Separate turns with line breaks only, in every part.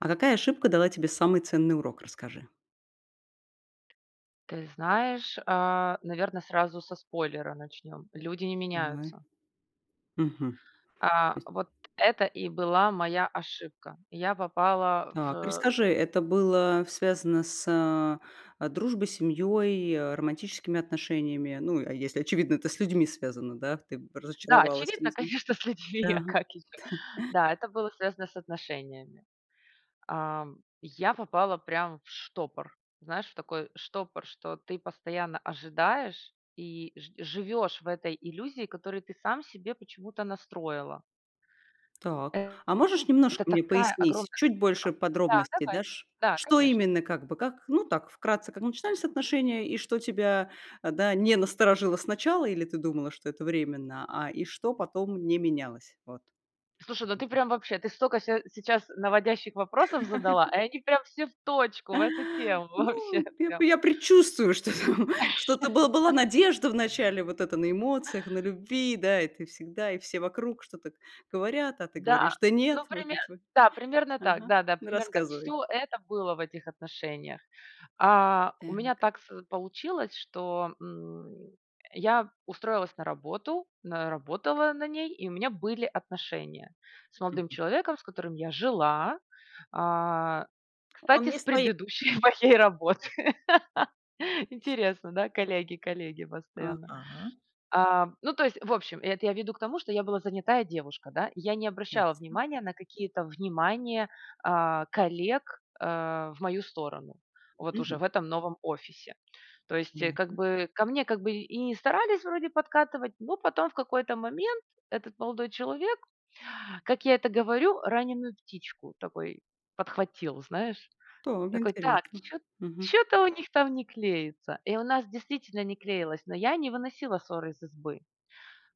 А какая ошибка дала тебе самый ценный урок? Расскажи.
Ты знаешь, а, наверно, сразу со спойлера начнем: люди не
Понимай.
меняются.
Мгм. То
А,
есть
вот это и была моя ошибка. Я попала в
Так,
э
расскажи,
[unintelligible]
это было связано с, а, дружбой, семьей, а, романтическими отношениями? Ну а если, очевидно, это с людьми связано, да. Ты б
Да,
разочаровалась
очевидно,
видимо.
конечно, с
Да.
людьми, а как еще. Да, это было связано с отношениями. Ам, я попала прям в штопор. Знаешь, в такой штопор, что ты постоянно ожидаешь и ж живешь в этой иллюзии, которую ты сам себе почему-то настроила.
Так. А можешь
Это
немножко мне
такая
пояснить,
огромная
чуть
ошибка!
больше
Да,
подробностей
давай.
дашь?
Да,
Что
конечно.
именно как бы, как, ну так, вкратце, как начинались отношения, и что тебя, а, да, не насторожило сначала, или ты думала, что это временно, а, и что потом не менялось, вот.
Слушай, ну
Скажем
ты
так.
прям вообще. Ты столько ся сейчас наводящих вопросов задала, и они прям все в точку, в эту тему. Вообще
Ну я
прям.
п я предчувствую, что там что-то, был была надежда вначале вот эта на эмоциях, на любви. Да, и ты всегда, и все вокруг что-то говорят, а ты
Да,
говоришь: "Да
ну
нет! Вроде
пример
ничего",
да, примерно так.
ага.
Да-да,
Ну
примерно так.
рассказывай!
Всё это было в этих отношениях. А, у меня
Так.
так с получилось, что, м, я устроилась на работу, на работала на ней, и у меня были отношения с молодым
Мгм.
человеком, с которым я жила, а,
Он
кстати,
не
с
стоит,
предыдущей
да?
моей работы.
[unintelligible]
Интересно, да? Коллеги, коллеги постоянно.
Ага.
Ам, ну то есть, в общем, это я веду к тому, что я была занятая девушка, да. Я не обращала
Ясно.
внимание на какие-то внимания, а, коллег, а, в мою сторону вот уже
Мгм.
в этом новом офисе. То есть, э, как
Понятно.
бы ко мне, как бы, и и не старались вроде подкатывать, но потом в какой-то момент этот молодой человек, как я это говорю, раненую птичку такой подхватил, знаешь.
Так,
Такой: "Так,
интересно.
чё
Мгм.
чё-то у них там не клеится". И у нас действительно не клеилось, но я не выносила сор из избы.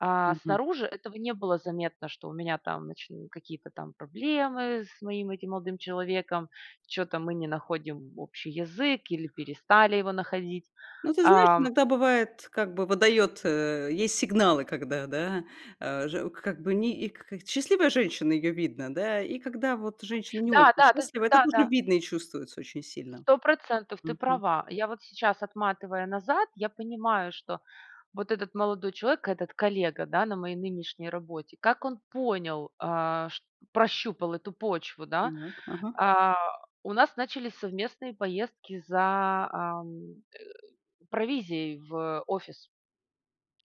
А
Мгм.
снаружи этого не было заметно, что у меня там нач какие-то там проблемы с моим этим молодым человеком, чё-то мы не находим общий язык или перестали его находить,
Ну, ты знаешь,
ам
иногда бывает, как бы выдает э, есть сигналы, когда, да, а же как бы, ни и к к Счастливая женщина- ее видно, да. И когда вот женщина не очень
Да-да, ты з
счастлива- это тоже
Да-да.
видно и чувствуется очень сильно.
100 % ты
Мгм.
права. Я вот сейчас, отматывая назад, я понимаю, что вот этот молодой человек, этот коллега, да, на моей нынешней работе, как он понял, а, ш прощупал эту почву, да.
Нак Ага.
А, у нас начались совместные поездки за, ам, э, провизией в офис.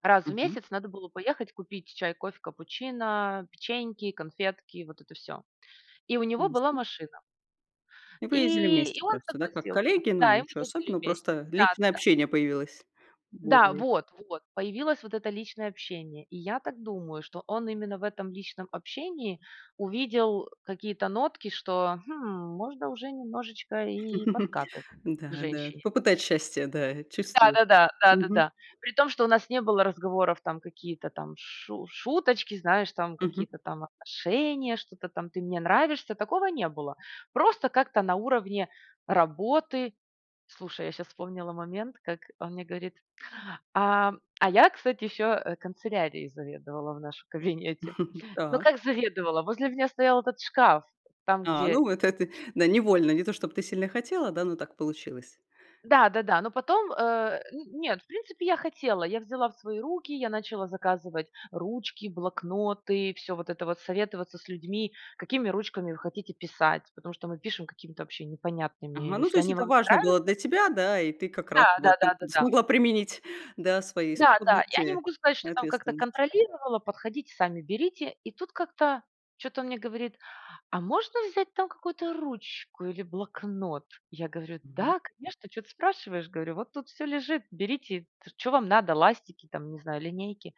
Раз в
Мгм.
месяц надо было поехать купить чай, кофе, капучино, печеньки, конфетки и вот это всё. И у него была
Ясно.
машина.
И вы ездили
И и
вместе
он
просто, да, как
согласился.
коллеги? Ну,
Да, и мы
ничего
ездили
особенного,
вместе.
просто личное
Да-да-да.
общение появилось.
Да
Более
вот вот! Появилось вот это личное общение. И я так думаю, что он именно в этом личном общении увидел какие-то нотки, что: "Хм, можно уже немножечко и подкатывать к
Да-да,
женщине".
попытать счастья, да,
Да
чувствует.
да да да да
Мгм.
да. При том, что у нас не было разговоров, там, какие-то там шу шуточки, знаешь, там
Мгм.
какие-то там отношения, что-то там: "Ты мне нравишься"- такого не было. Просто как-то на уровне работы. Слушай, я щас вспомнила момент, как он мне говорит А, а я, кстати, еще, э, канцелярией заведовала в нашем кабинете. Ну
Так.
как заведовала? Возле меня стоял этот шкаф, там
А, ну
где
вот это,
[unintelligible]
да, невольно, не то, чтоб ты сильно хотела, да, но так получилось.
Да-да-да. Но потом, э, н нет, в принципе, я хотела, я взяла в свои руки, я начала заказывать ручки, блокноты, всё вот это вот, советоваться с людьми: "Какими ручками вы хотите писать?". Потому что мы пишем какими-то вообще непонятными.
Ага, ну то
"Если
есть,
они
это
вам не
важно было
нравятся"
для тебя, да, и ты как раз
Да да
вот
да
тут
да да.
смогла применить, да, свои
Да-да. Я не
способности
могу сказать,
и
что там как-то
ответственность.
контролировала: подходите, сами берите". И тут как-то чё-то он мне говорит: "А можно взять там какую-то ручку или блокнот?" Я говорю:
Мгм.
"Да конечно, чё ты спрашиваешь"- говорю,- "вот тут всё лежит, берите, ш чё вам надо, ластики там, не знаю, линейки".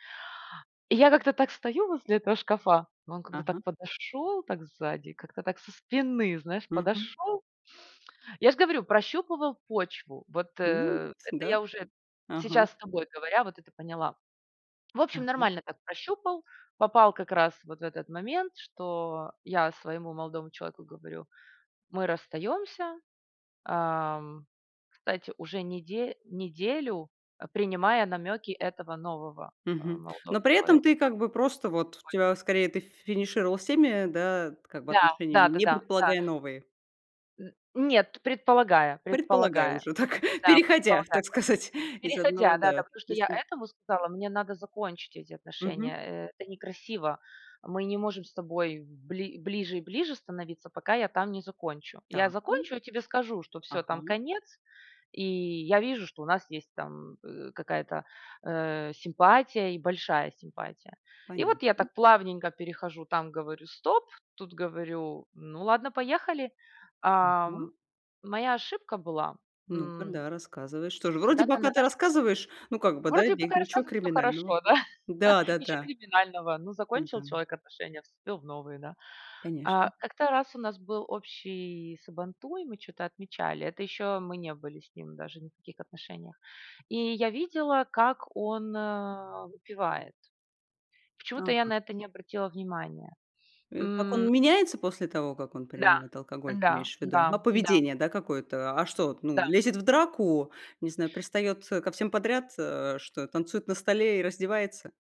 И я как-то так стою возле этого шкафа, но он как-то
Ага.
так подошел так сзади, как-то так со спины, знаешь,
Мгм.
подошел. Я ж говорю, прощупывал почву. Вот,
Ну
э,
вот
это
да.
я уже
Ага.
сейчас, с тобой говоря, вот это поняла. В общем,
Так.
нормально так прощупал. Попал как раз вот в этот момент, что я своему молодому человеку говорю: "Мы расстаемся". Ам, кстати, уже неде неделю, принимая намеки этого нового, а,
Мгм.
молодого
Но при этом
человека,
ты, как бы, просто вот, у
да, [unintelligible]
тебя скорее, ты финишировала с теми, да, как бы
Да да
отношениями,
да
не
да да.
предполагая новые.
М, нет, предполагая
Предполагая
предполагая.
уже так,
Да,
переходя,
предполагая,
так
да.
сказать, из одного,
Переходя, да,
да,
да.
то
Потому что
есть,
я
м
этому сказала: "Мне надо закончить эти
Мгм.
отношения. Это некрасиво. Мы не можем с тобой бли ближе и ближе становиться, пока я там не закончу. Я
Так, м.
закончу и тебе скажу, что всё, там
Ага.
конец. И я вижу, что у нас есть там, э, какая-то, э, симпатия, и большая симпатия". И вот я
Понятно.
так плавненько перехожу, там говорю: "Стоп", тут говорю: "Ну ладно, поехали". Ам,
Мгм.
моя ошибка была,
Ну-ка,
м
да, рассказывай. Что же, вроде
Когда-то на
пока ты
наших
рассказываешь, но как бы, да, и
Вроде бы
бег
такая
ничего
рассказываю- всё
криминального.
хорошо, да? Ничё
Да-да-да.
криминального. Ну закончил
Да.
человек отношения, вступил в новые, да?
Конечно.
А, как-то раз у нас был общий сабантуй, мы чё-то отмечали. Это еще мы не были с ним даже ни в каких отношениях. И я видела, как он, э, выпивает. Почему-то я
Ага.
на это не обратила внимания,
Э, как он
м
меняется после того, как он
Да
принимает алкоголь, ты
да
имеешь в виду?
да
А,
да.
поведение, да, какое-то? А что вот, ну,
Да.
лезет в драку, не знаю, пристает, э, ко всем подряд, э, что, танцует на столе и раздевается?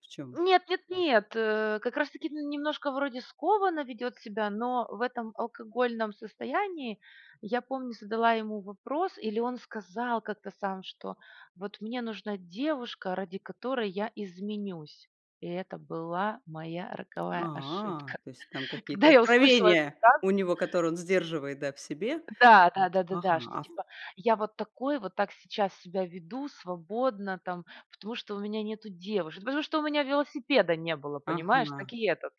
В чём
Нет, нет, нет. Э, как раз таки, м, немножко вроде скованно ведет себя, но в этом алкогольном состоянии, я помню, задала ему вопрос, или он сказал как-то сам, что: "Вот мне нужна девушка, ради которой я изменюсь". И это была моя роковая
А,
ошибка.
то есть там
Когда
какие-то
я услышала эту
откровения у
фразу
него, которые он сдерживает, да, в себе?
Да
Вот,
да да да
ага.
да. Что
Ав
типа: "Я вот такой вот, так сейчас себя веду свободно там, потому что у меня нету девушек". "Потому что у меня велосипеда не было", понимаешь?
Ага.
Так и этот-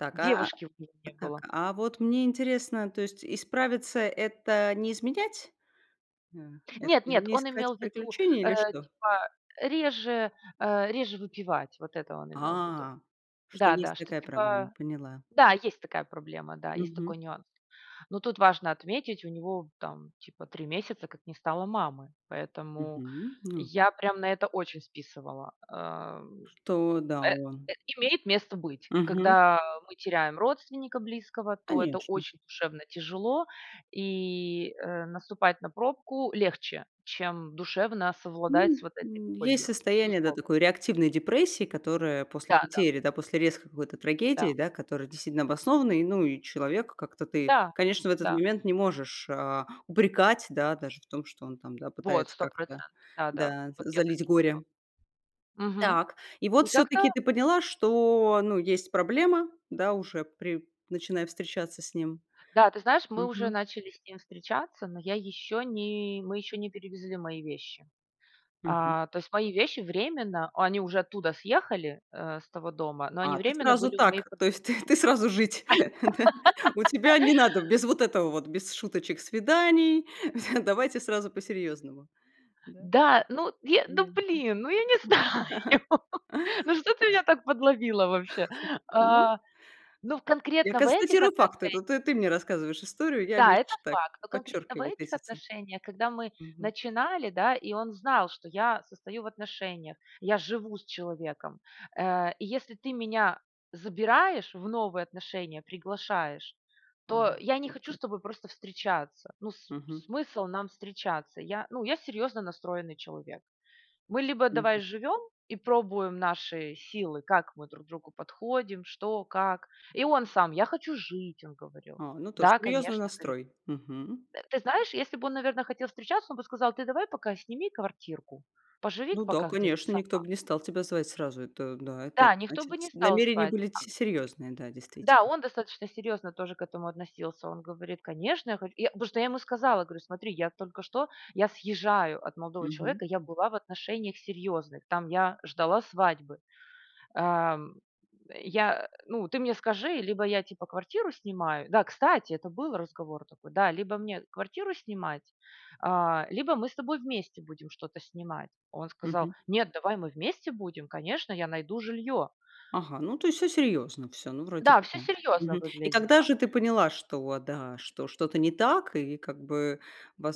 Так, а
девушки у него не
Так,
было.
а вот мне интересно, то есть исправиться- это не изменять? А, это
Нет, нет,
не
он
искать
имел ввиду,
приключений,
э,
или что?
типа реже, э, реже выпивать. Вот это он имел в виду.
А, что
Да-да,
есть
что,
такая проблема,
типа,
поняла.
да, есть такая проблема, да, есть
Мгм.
такой нюанс. Но тут важно отметить, у него там, типа, 3 месяца, как не стало мамы. Поэтому
Мгм, ну
я прям на это очень списывала. Эм.
Что, да,
Э,
он
имеет место быть.
Мгм.
Когда мы теряем родственника близкого, то это
Конечно.
очень душевно тяжело и, э, наступать на пробку легче, чем душевно совладать с
Ну,
вот этой
м, есть
болью,
состояние, да,
безусловно.
такой реактивной депрессии, которая после
Да-да.
потери, да, после резкой какой-то трагедии,
Да.
да, которая действительно обоснована. И, ну, и человека, как-то, ты,
Да,
конечно, в этот
да.
момент не можешь, а, упрекать, да, даже в том, что он там, да,
Вот,
пытается
сто
как-то,
процентов, да-да.
да,
Вот
за
я так
залить
и
горе.
сделала. Мгм.
Так, и вот
И как-то
всё-таки ты поняла, что, ну, есть проблема, да, уже при начиная встречаться с ним.
Да, ты знаешь, мы уже
Мгм.
начали с ним встречаться, но я еще не мы еще не перевезли мои вещи.
Мгм.
А, то есть мои вещи временно- они уже оттуда съехали, э, с того дома- но они
А, ты
временно
сразу
были у моей
так? То
подруги.
есть ты ты сразу жить, да? У тебя не надо, без вот этого вот, без шуточек, свиданий. Всё, давайте сразу по серьезному. Да?
Да, ну е ну
Ясно.
блин! Ну я не знаю, ну что ты меня так подловила вообще?
Ну
А. Ну в
Я
конкретно в этих
констатирую факты, это
отношениях
ты ты мне рассказываешь историю, я
Да, это
лишь так,
факт, но конкретно в
подчеркиваю вот
этих
эти ци
отношениях, когда мы
Мгм.
начинали, да, и он знал, что я состою в отношениях, я живу с человеком. Э, и если ты меня забираешь в новые отношения, приглашаешь,
А,
то я не
вот
хочу с
как!
тобой просто встречаться. Ну, с
Мгм.
смысл нам встречаться? Я, ну, я серьезно настроенный человек. Мы либо давай
Мгм.
живем и пробуем наши силы, как мы друг другу подходим, что, как. И он сам: "Я хочу жить!"- он говорил.
А, ну тож
"Да,
серьезный
конечно"- говорит
настрой. Мгм.
Э, ты знаешь, если бы он, наверно, хотел встречаться, он бы сказал: "Ты давай пока сними квартирку, поживи-ка
Ну да,
пока где-то
конечно, никто
сама".
бы не стал тебя звать сразу. Это да, это
Да, никто бы
значит
не стал
намерения
звать,
были
а
ц серьезные, да,
Да,
действительно.
он достаточно серьезно тоже к этому относился. Он говорит: "Конечно, я хочу". Я просто я ему сказала, говорю: "Смотри, я только что я съезжаю от молодого
Мгм.
человека, я была в отношениях серьезных, там я ждала свадьбы. Эм. Я э, ну ты мне скажи, либо я, типа, квартиру снимаю" Да, кстати, это был разговор такой. Да: "Либо мне квартиру снимать, а, либо мы с тобой вместе будем что-то снимать". Он сказал:
Мгм.
"Нет, давай мы вместе будем, конечно, я найду жилье".
Ага, ну то есть всё серьезно, всё, ну вроде
Да,
бы,
всё
да,
серьезно
мгм. И когда
выглядело.
же ты поняла, что вот, да, что что-то не так, и как бы,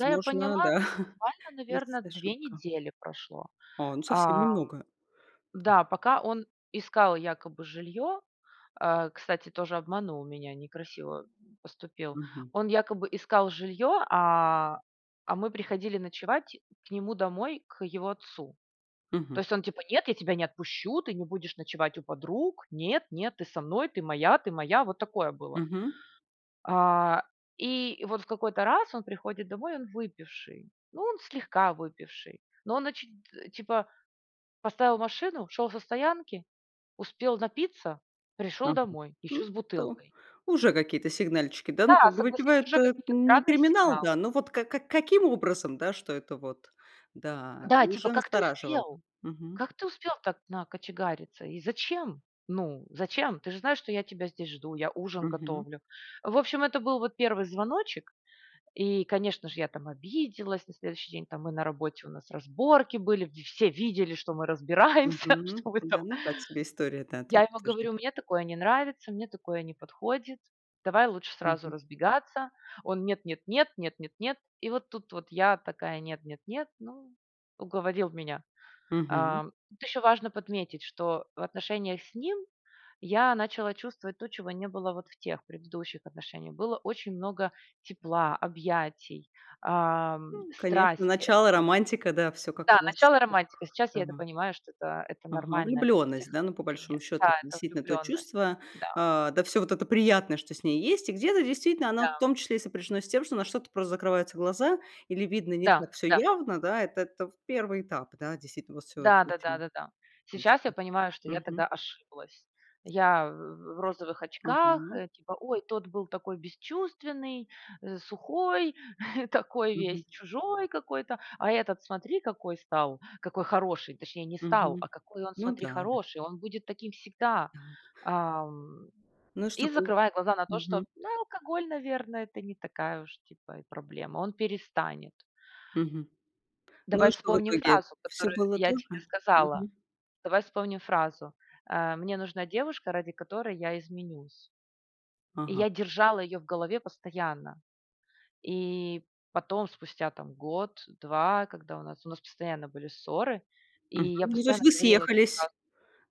Да, я поняла,
да,
буквально, наверно,
есть
2
ошибка?
недели прошло.
А, ну совсем
Ам,
немного. Да.
да, пока он искал якобы жилье Э, кстати, тоже обманул меня, некрасиво, м, поступил.
Мгм.
Он якобы искал жилье, а, а мы приходили ночевать к нему домой, к его отцу. То
Мгм.
есть он типа: "Нет, я тебя не отпущу, ты не будешь ночевать у подруг. Нет, нет, ты со мной, ты моя, ты моя". Вот такое было.
Мгм.
А, и вот в какой-то раз он приходит домой, и он выпивший. Ну, он слегка выпивший. Но он оч т типа, поставил машину, шел со стоянки, успел напиться, пришел
Ага,
домой, и
ну,
еще с
то
бутылкой.
Уже какие-то сигнальчики, да, ну
Да,
как бы
согласись,
выпивает-
уже
это
какие-то
не
странные
криминал,
сигналы.
да, но вот ка как каким образом, да, что это вот, да,
Да, типа:
уже
"Как ты
настораживало.
успел?
Мгм.
Как ты успел так накочегариться, и зачем? Ну зачем? Ты же знаешь, что я тебя здесь жду, я ужин
Мгм.
готовлю". В общем, это был вот 1 звоночек и, конечно же, я там обиделась. На следующий день там мы на работе, у нас разборки были, в все видели, что мы разбираемся.
Мгм.
Что мы
Да,
там
ну так себе история, да, то
Я
есть
ему
тоже.
говорю: "Мне такое не нравится, мне такое не подходит. Давай лучше сразу
Мгм.
разбегаться". Он: "Нет нет нет нет нет нет". И вот тут вот я такая: "Нет, нет, нет". Ну, уговорил меня.
Мгм.
Ам. Тут еще важно подметить, что в отношениях с ним я начала чувствовать то, чего не было вот в тех предыдущих отношениях. Было очень много тепла, объятий, ам,
М, конечно,
страсти
начало,
этой.
романтика, да, всё как
Да,
раз,
начало, романтика, сейчас я
да,
это
но
понимаю, что это это
Ага,
нормально во всех
влюбленность, да. Ну, по большому
отношениях.
счету,
Да,
это,
это
действительно, то
влюбленность.
чувство,
Да.
а, да всё вот это приятное, что с ней есть, и где-то действительно оно, в
Да.
том числе, и сопряжено с тем, что на что-то просто закрываются глаза, или видно не
Да,
так всё
да.
явно. Да, это то 1 этап. Да, действительно вот всё
Да да да
очень
да да. Сейчас я
быстро.
понимаю, что я
Мгм.
тогда ошиблась. Я в в розовых очках,
Ага.
э, типа: "Ой, тот был такой бесчувственный, сухой, такой
Мгм.
весь чужой какой-то, а этот, смотри, какой стал, какой хороший. Точнее не стал,
Мгм.
а какой он
Ну
смотри,
да-да.
хороший. Он будет таким всегда".
Так.
Ам,
Ну
и,
что, полу
закрывая глаза на то, что,
Мгм.
да, алкоголь, наверно, это не такая уж типа и проблема. Он перестанет.
Мгм. Ну
Давай
и что в
вспомним
итоге?
фразу,
Всё
которую
было
я
то
тебе
же?
сказала.
Мгм.
Давай вспомним фразу: "Э, мне нужна девушка, ради которой я изменюсь". И
Ага.
я держала ее в голове постоянно. И потом, спустя там год, 2, когда у нас у нас постоянно были ссоры, и
Мгм,
я
ну то есть
постоянно
вы
говорила эту
съехались,
фразу.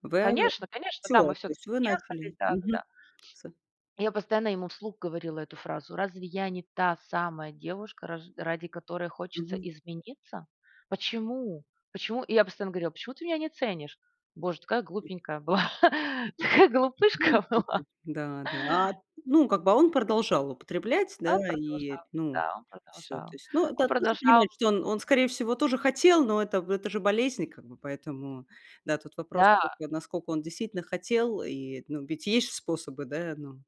вы, э,
Конечно, конечно,
всё,
да, мы
то есть
всё-таки
вы
съехались,
начали Мгм.
да-да-да.
С
И я постоянно ему вслух говорила эту фразу: "Разве я не та самая девушка, раж ради которой хочется
Мгм.
измениться? Почему? Почему?". И я постоянно говорила: "Почему ты меня не ценишь?". Боже, такая
Мгм.
глупенькая была, такая
Ну
глупышка была.
слушай Да-да. А, ну, как бы, а он продолжал употреблять,
А он
да, и,
продолжал,
ну,
да, он
всё. То
продолжал.
есть ну,
Он
да, тоже
продолжал
понимать, что он он, скорее всего, тоже хотел, но это это же болезнь, и как бы, поэтому, да, тут вопрос
Да.
всё-таки: а насколько он действительно хотел? И, ну, ведь есть ж способы, да, ну,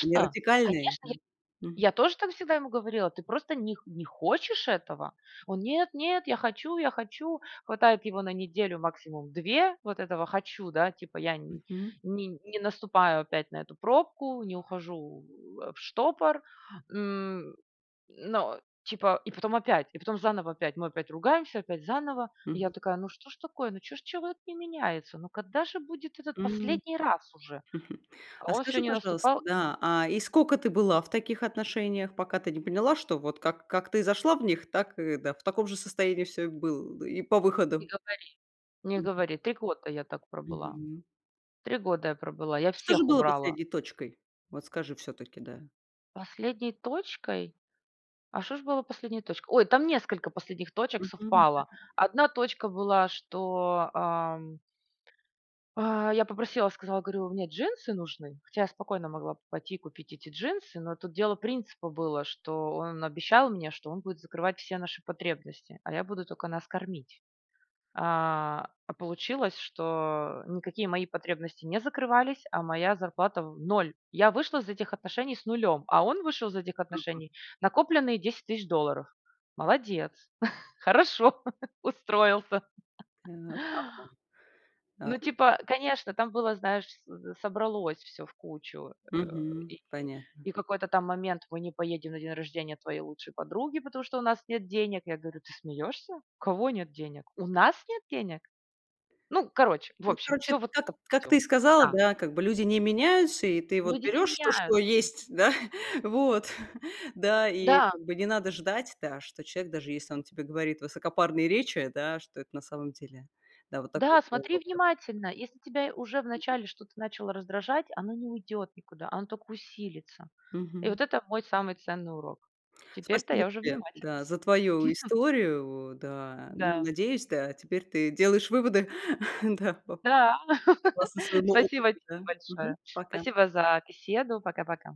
не радикальные,
Конечно! Я
да. Мгм.
я тоже так всегда ему говорила: "Ты просто них не хочешь этого!". Он: "Нет-нет, я хочу, я хочу!". Хватает его на неделю, максимум 2, вот этого "хочу", да, типа: "Я не
Мгм.
не наступаю опять на эту пробку, не ухожу, э, в штопор". М, но, типа, и потом опять, и потом заново опять. Мы опять ругаемся, опять заново. И я
Мгм.
такая: "Ну что ж такое, ну чё ж человек не меняется, ну когда же будет этот
М.
последний раз уже?". А
А
он всё
скажи,
не
пожалуйста,
наступал и не на
да, а, и сколько ты была в таких отношениях, пока ты не поняла, что вот как как ты зашла в них, так и да, в таком же состоянии всё и было бы и по
Не
выходу?
говори. Не
Мгм.
говори, 3 года я так пробыла.
Мгм.
3 года я пробыла, я
Что же
всех
было
убрала.
последней точкой? Вот скажи всё-таки, да.
Последней точкой? А что ж было последней точкой? Ой, там несколько последних точек
Мгм.
совпало.
[unintelligible]
1 точка была, что, ам а я попросила и сказала, говорю: "Мне джинсы нужны". Хотя я спокойно могла бы пойти и купить эти джинсы, но тут дело принципа было, что он обещал мне, что он будет закрывать все наши потребности, а я буду только нас кормить. А, а получилось, что никакие мои потребности не закрывались, а моя зарплата в 0. Я вышла из этих отношений с 0, а он вышел из этих
Ага.
отношений- накопленные 10 000 долларов. Молодец! Хорошо, устроился.
Так, ага,
Ну,
ай
типа, конечно, там было, знаешь вс собралось всё в кучу, э,
Мгм,
и
понятно.
и какой-то там момент: "Мы не поедем на день рождения твоей лучшей подруги, потому что у нас нет денег". Я говорю: "Ты смеешься? У кого нет денег? У нас нет денег?". Ну, короче, в
Ну,
общем,
короче,
всё вот
как
это,
как ты
всё.
и сказала,
Да.
да, как бы люди не меняются, и ты вот
Люди не
берешь то, что
меняются.
есть, да, вот, да, и,
Да.
как бы, не надо ждать, да, что человек, даже если он тебе говорит высокопарные речи, да, что это на самом деле Да, вот так вот
Да, смотри
назло прям.
внимательно, если тебя уже
Мгм.
вначале что-то начало раздражать- оно не уйдет никуда, оно только усилится. И
Мгм.
вот это мой самый ценный урок. Теперь-то
Спасибо
я уже
тебе,
внимательно
да, за твою
смотрю.
историю, да. Ну,
Да.
надеюсь, да, теперь ты делаешь выводы, да, об
Да.
согласно своему опыту,
Спасибо тебе
да? Мгм.
большое!
Пока.
Спасибо за беседу! Пока-пока!